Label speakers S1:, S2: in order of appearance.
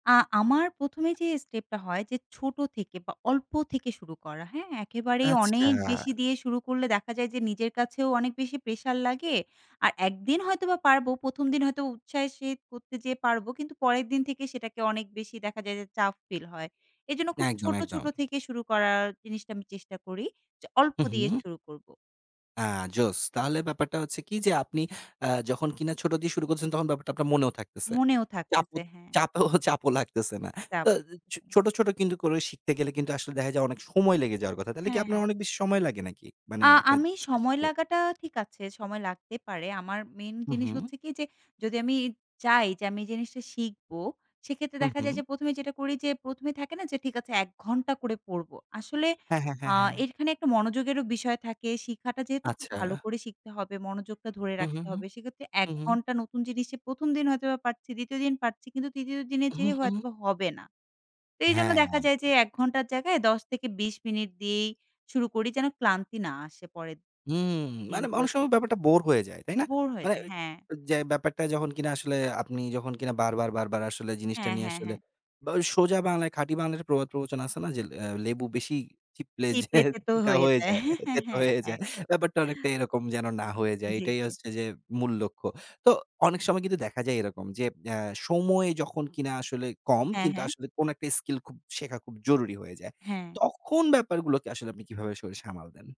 S1: আ আমার ১ম এ যে স্টেপটা হয় যে, ছোটো থেকে বা অল্প থেকে শুরু করা, হ্যাঁ? একেবারেই
S2: আচ্ছা।
S1: অনেক বেশি দিয়ে শুরু করলে দেখা যায় যে নিজের কাছেও অনেক বেশি প্রেশার লাগে। আর একদিন হয়তোবা পারবো, ১ম দিন হয়তো উৎসাহের সহিত করতে যেয়ে পারবো, কিন্তু পরের দিন থেকে সেটাকে অনেক বেশি দেখা যায় যে চাপ ফিল হয়। এজন্য খুব
S2: একদম,
S1: ছোটো,
S2: একদম।
S1: ছোটো থেকে শুরু করার জিনিসটা আমি চেষ্টা করি যে, অল্প
S2: হু,
S1: দিয়ে
S2: হু।
S1: শুরু করব।
S2: আ জোশ! তাহলে ব্যাপারটা হচ্ছে কি যে, আপনি আ যখন কিনা ছোট দিয়ে শুরু করছেন, তখন ব্যাপারটা আপনার মনেও থাকতেছে।
S1: মনেও
S2: চাপও
S1: থাকতেছে হ্যাঁ।
S2: চাপেও চাপও লাগতেছে না। তা
S1: তারপর?
S2: এ ছো ছোট, ছোট কিন্তু করে শিখতে গেলে কিন্তু আসলে দেখা যায় অনেক সময় লেগে যাওয়ার কথা। তাহলে কি
S1: হ্যাঁ,
S2: আপনার
S1: হ্যাঁ।
S2: অনেক বেশি সময় লাগে নাকি? মানে
S1: আ
S2: একটা
S1: আমি
S2: জিনিস
S1: সময়
S2: শিখতে?
S1: লাগাটা ঠিক আছে, সময় লাগতে পারে। আমার মেইন
S2: হু,
S1: জিনিস
S2: হু।
S1: হচ্ছে কি যে, যদি আমি চাই যে আমি এই জিনিসটা শিখবো, সেক্ষেত্রে
S2: হু,
S1: দেখা যায়
S2: হু।
S1: যে ১ম এ যেটা করি যে, ১ম এ থাকে না যে ঠিক আছে ১ ঘণ্টা করে পড়বো, আসলে
S2: হ্যাঁ, হ্যাঁ,
S1: আ
S2: হ্যাঁ, হ্যাঁ।
S1: এর এখানে একটা মনোযোগেরও বিষয় থাকে। শিখাটা যেহেতু খুব ভালো
S2: আচ্ছা।
S1: করে শিখতে হবে, মনোযোগটা ধরে
S2: হু, হু,
S1: রাখতে
S2: হু।
S1: হবে, সেক্ষেত্রে ১
S2: হু, হু।
S1: ঘণ্টা নতুন জিনিসে ১ম দিন হয়তোবা পারছি, ২য় দিন পারছি, কিন্তু ৩য় দিনে
S2: হু,
S1: যেয়ে
S2: হু।
S1: হয়তোবা হবে না। এইজন্য
S2: হ্যাঁ।
S1: দেখা যায় যে ১ ঘণ্টার জায়গায় ১০-২০ মিনিট দিয়েই শুরু করি, যেন ক্লান্তি না আসে পরের দিন
S2: হুম। মানে অনেক
S1: দিনগুলোতে।
S2: সময় ব্যাপারটা বোর হয়ে যায়, তাই না?
S1: বোর
S2: মানে
S1: হয়েছে হ্যাঁ।
S2: অ যে ব্যাপারটা যখন কিনা আসলে আপনি যখন কিনা বারবার, বারবার আসলে জিনিসটা
S1: হ্যাঁ,
S2: নিয়ে
S1: হ্যাঁ,
S2: আসলে
S1: হ্যাঁ।
S2: বা ওই সোজা বাংলায়, খাঁটি বাংলার একটা প্রবাদ-প্রবচন আছে না যে, লে আ "লেবু বেশি চিপলে যে
S1: চিপলে তেতো
S2: তিতা
S1: হয়ে
S2: হয়ে
S1: যায়।
S2: যায়,
S1: হ্যাঁ, হ্যাঁ,
S2: তেতো
S1: হ্যাঁ,
S2: হয়ে যায়।"
S1: একদম।
S2: ব্যাপারটা অনেকটা এরকম যেন না হয়ে যায়,
S1: জি,
S2: এটাই
S1: জি।
S2: হচ্ছে যে মূল লক্ষ্য। তো অনেক সময় কিন্তু দেখা যায় এরকম যে, অ্যা সময় যখন কিনা আসলে কম,
S1: হ্যাঁ,
S2: কিন্তু
S1: হ্যাঁ।
S2: আসলে কোন একটা স্কিল খুব শেখা খুব জরুরি হয়ে যায়।
S1: হ্যাঁ।
S2: তখন ব্যাপারগুলোকে আসলে আপনি কীভাবে আসলে সামাল দেন?